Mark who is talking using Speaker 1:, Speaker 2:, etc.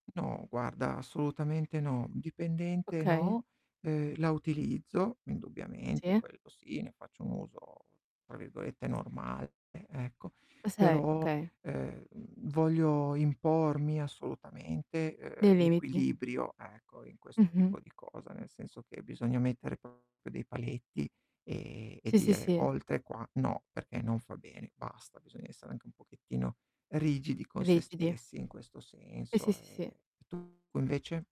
Speaker 1: No guarda, assolutamente no. Dipendente
Speaker 2: Okay.
Speaker 1: no, ehm, la utilizzo indubbiamente,
Speaker 2: Sì.
Speaker 1: quello sì, ne faccio un uso, tra virgolette, "normale", ecco.
Speaker 2: O sei
Speaker 1: Però,
Speaker 2: okay.
Speaker 1: ehm, voglio impormi assolutamente, ehm,
Speaker 2: Dei limiti.
Speaker 1: l'equilibrio, ecco, in questo
Speaker 2: Mh-mh.
Speaker 1: tipo di cosa, nel senso che bisogna mettere proprio dei paletti e e e
Speaker 2: Sì, sì,
Speaker 1: dire:
Speaker 2: sì.
Speaker 1: "Oltre qua no, perché non fa bene, basta." Bisogna essere anche un pochettino rigidi con sé
Speaker 2: Rigidi.
Speaker 1: stessi in questo
Speaker 2: Eh, sì,
Speaker 1: senso.
Speaker 2: sì,
Speaker 1: Ehm,
Speaker 2: sì, sì.
Speaker 1: e tu invece?